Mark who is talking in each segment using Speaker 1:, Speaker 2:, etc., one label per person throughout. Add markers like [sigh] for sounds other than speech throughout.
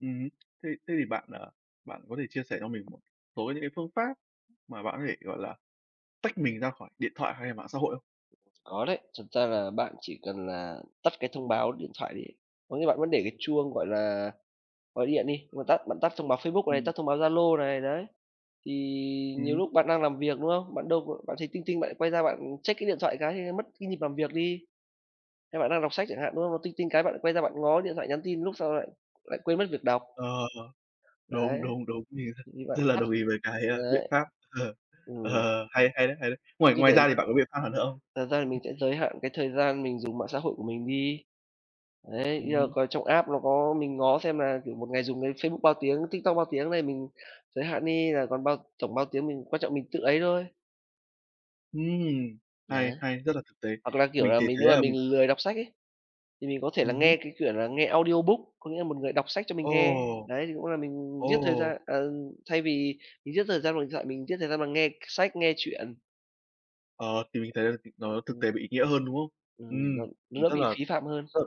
Speaker 1: Ừm. Thế thế thì bạn, à, bạn có thể chia sẻ cho mình số những cái phương pháp mà bạn có thể, gọi là, tách mình ra khỏi điện thoại hay là mạng xã hội không?
Speaker 2: Có đấy, thật ra là bạn chỉ cần là tắt cái thông báo điện thoại đi. Có nghĩa bạn vẫn để cái chuông, gọi là, gọi điện đi, bạn tắt bạn tắt thông báo Facebook này,
Speaker 1: Ừm.
Speaker 2: tắt thông báo Zalo này, đấy. Thì nhiều
Speaker 1: Ừm.
Speaker 2: lúc bạn đang làm việc, đúng không? Bạn đâu b bạn thấy ting ting bạn lại quay ra bạn check cái điện thoại cái thì mất cái nhịp làm việc đi, hay bạn đang đọc sách chẳng hạn, đúng không? Nó ting ting cái bạn lại quay ra bạn ngó điện thoại nhắn tin, lúc sau lại lại quên mất việc đọc.
Speaker 1: Ờ,
Speaker 2: Đấy,
Speaker 1: đúng, đúng, đúng, [unintelligible]
Speaker 2: thì bạn
Speaker 1: rất là
Speaker 2: tắt,
Speaker 1: đồng ý với cái, a, biện
Speaker 2: đấy,
Speaker 1: pháp, [laughs]
Speaker 2: ừm.
Speaker 1: ờ, hay hay đấy, hay đấy. Ngoài ngoài ra
Speaker 2: [unintelligible]
Speaker 1: thì bạn có biện pháp nào nữa hông?
Speaker 2: Thật ra thì mình sẽ giới hạn cái thời gian mình dùng mạng xã hội của mình đi, đấy,
Speaker 1: Ừm
Speaker 2: như là
Speaker 1: hứm.
Speaker 2: coi trong app nó có mình ngó xem là, kiểu, một ngày dùng cái Facebook bao tiếng, TikTok bao tiếng đấy, mình giới hạn đi là còn bao tổng bao tiếng, mình quan trọng mình tự ấy thôi.
Speaker 1: Ừm,
Speaker 2: Đấy.
Speaker 1: hay, hay, rất là thực tế.
Speaker 2: Hoặc là, kiểu,
Speaker 1: Mình
Speaker 2: là
Speaker 1: thì
Speaker 2: mình
Speaker 1: thấy
Speaker 2: nếu mà
Speaker 1: là mình
Speaker 2: mình lười đọc sách ấy, thì mình có thể là
Speaker 1: Ừm
Speaker 2: nghe
Speaker 1: hứm.
Speaker 2: cái, kiểu, là nghe audiobook, có nghĩa là một người đọc sách cho mình
Speaker 1: Ồ.
Speaker 2: nghe, đấy, thì cũng là mình giết thời
Speaker 1: Ồ.
Speaker 2: gian ờ, thay vì mình giết thời gian vào điện thoại mình giết thời gian bằng nghe k sách, nghe chuyện.
Speaker 1: Ờ, thì mình thấy là c nó thực
Speaker 2: Ừm.
Speaker 1: tế bị ý nghĩa hơn, đúng không?
Speaker 2: Ừm,
Speaker 1: Ừm,
Speaker 2: nó
Speaker 1: mình
Speaker 2: nó
Speaker 1: rất
Speaker 2: bị
Speaker 1: là
Speaker 2: phí phạm hơn.
Speaker 1: rất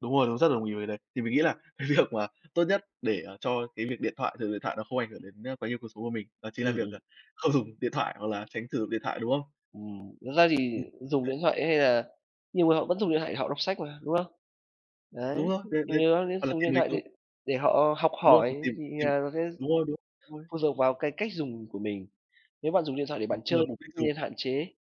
Speaker 1: đúng rồi, đúng, rất đồng ý với cái đấy. Thì mình nghĩ là cái việc mà tốt nhất để, à, cho cái việc điện thoại sử dụng điện thoại nó không ảnh hưởng đến, ơ, quá nhiều cuộc sống của mình đó chính là
Speaker 2: Ừm,
Speaker 1: việc, ờ,
Speaker 2: ừm.
Speaker 1: không dùng điện thoại hoặc là tránh sử dụng điện thoại, đúng không?
Speaker 2: Ừm, thật ra thì
Speaker 1: Ừm,
Speaker 2: dùng
Speaker 1: đấy.
Speaker 2: điện thoại hay là nhiều người họ vẫn dùng điện thoại để họ đọc sách mà, đúng không?
Speaker 1: Đúng
Speaker 2: Đấy,
Speaker 1: rồi, đấy, đấy hoặc
Speaker 2: [unintelligible]
Speaker 1: là
Speaker 2: dùng
Speaker 1: tìm
Speaker 2: điện thoại để
Speaker 1: [unintelligible]
Speaker 2: để họ học
Speaker 1: đúng rồi, mà
Speaker 2: hỏi
Speaker 1: tìm
Speaker 2: thì
Speaker 1: tìm
Speaker 2: là nó sẽ
Speaker 1: đúng rồi, đúng rồi.
Speaker 2: phụ thuộc vào cái cách dùng của mình, nếu bạn dùng điện thoại để
Speaker 1: Đúng
Speaker 2: bạn chơi
Speaker 1: rồi, mục đích dùng.
Speaker 2: nên hạn chế.